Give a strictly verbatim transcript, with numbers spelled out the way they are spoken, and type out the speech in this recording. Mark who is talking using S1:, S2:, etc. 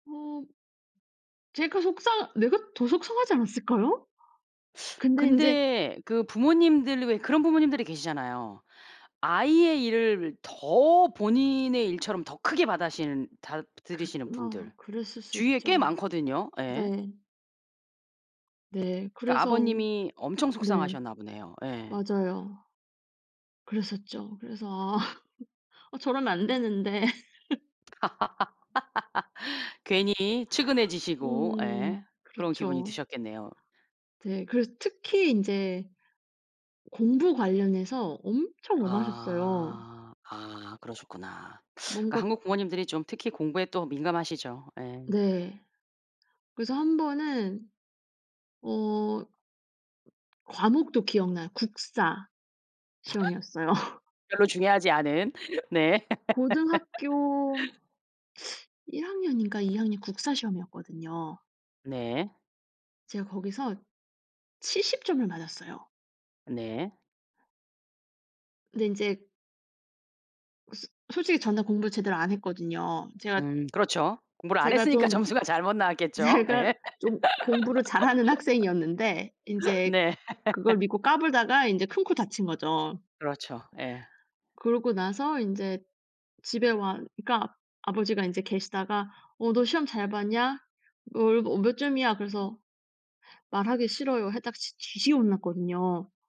S1: 어. 제가 속상 내가 더 속상하지 않았을까요? 근데 인제
S2: 근데 그 부모님들이 왜 그런 부모님들이 계시잖아요. 아이의 일을 더 본인의 일처럼 더 크게 받아시는 다 들이시는
S1: 긋 뭐
S2: 분들.
S1: 그랬을 수
S2: 주위에 꽤
S1: 있죠.
S2: 많거든요. 예.
S1: 네. 네,
S2: 그니까
S1: 그래서
S2: 아버님이 엄청
S1: 네.
S2: 속상하셨나 보네요. 예.
S1: 맞아요. 그랬었죠. 그래서 "아. 어, 저러면 안 되는데."
S2: 괜히 측은해지시고, 예.
S1: 음.
S2: 그런 기분이
S1: 그렇죠.
S2: 드셨겠네요.
S1: 네. 그래서 특히 인제 공부 관련해서 엄청 엄하셨어요.
S2: 아 아 그러셨구나. 그
S1: 뭔가
S2: 한국 부모님들이 좀 특히 공부에 또 민감하시죠. 예.
S1: 네. 그래서 한 번은 어 과목도 기억 나요. 국사 시험이었어요.
S2: 별로 중요하지 않은. 네.
S1: 고등학교 일 학년인가 이 학년 국사 시험이었거든요.
S2: 네.
S1: 제가 거기서 칠십 점을 맞았어요.
S2: 네.
S1: 근데 이제 그 스 솔직히 전날 공부를 제대로 안 했거든요. 제가
S2: 음 그렇죠. 공부를 안
S1: ...제가
S2: 했으니까
S1: 좀
S2: 점수가 잘못 나왔겠죠.
S1: 제가
S2: 예.
S1: 좀 공부를 잘하는 학생이었는데 인제
S2: 네.
S1: 그걸 믿고 까불다가 인제 큰코 다친 거죠.
S2: 그렇죠. 예.
S1: 그러고 나서 인제 집에 와 그니까 아버지가 인제 계시다가 "어 너 시험 잘 봤냐? 얼 뭐 몇 점이야?" 그래서 "말하기 싫어요." 했다가 진 뒤지게 혼났거든요.